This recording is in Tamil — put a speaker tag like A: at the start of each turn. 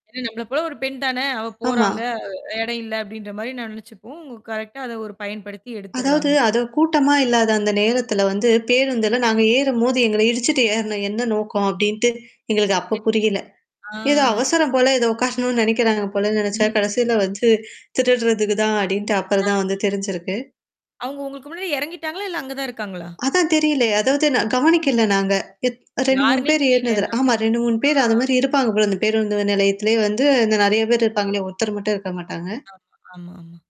A: என்ன "நம்பள போல ஒரு பெண் தான! அவ
B: ஆமா.
A: போறாங்க, அ எடயில" அப்டின்ற மாரி நான் நெனச்சுப்போம். உங்க கரெக்ட்டா அத ஒரு பயன்படுத்தி
B: அதாவது,
A: எடுத்துர்றாங்க.
B: அத கூட்டமா இல்லாத அந்த நேரத்தில வந்து, பேருந்துல நாங்க ஏறும்போது, "எங்கள இடிச்சுட்டு ஏறுன என்ன நோக்கம்?" அப்படின்ட்டு, எங்களுக்கு அப்ப
A: தெரியல!
B: புரியல.
A: ஆ
B: ஏதோ
A: சரி.
B: அவசரம் போல, ஏதோ உக்காரணும்னு நெனைக்கிறாங்க போலன்னு நெனச்சா,
A: ம்.
B: கடைசில வந்து, "திருடுறதுக்கு தான்" அப்படின்ட்டு அப்புறம்
A: அ. [unintelligible]
B: தான் வந்து தெரிஞ்சிருக்கு.
A: அவுங்க உங்களுக்கு முன்னாடி எறங்கிட்டாங்களா? இல்ல அங்க தான் இருக்காங்களா?
B: அதான் தெரியல! அதாவது, நான்
A: அம்.
B: கவனிக்கல நாங்க. எத் 2, 3
A: யாருன்னே
B: பேர் ஏறுனதுல
A: தெரியலன்ற
B: ஆமா.
A: போது
B: 2, 3
A: ஆ.
B: பேர் அது மாரி இருப்பாங்க போல, இந்த பேருந்து நிலையத்திலயே வந்து, இந்த நெறையா
A: [unintelligible]
B: பேர் இருப்பாங்கள்ல, ஒருத்தர் மட்டும் இருக்க மாட்டாங்க.
A: ஆமா. ஆமா, ஆமா.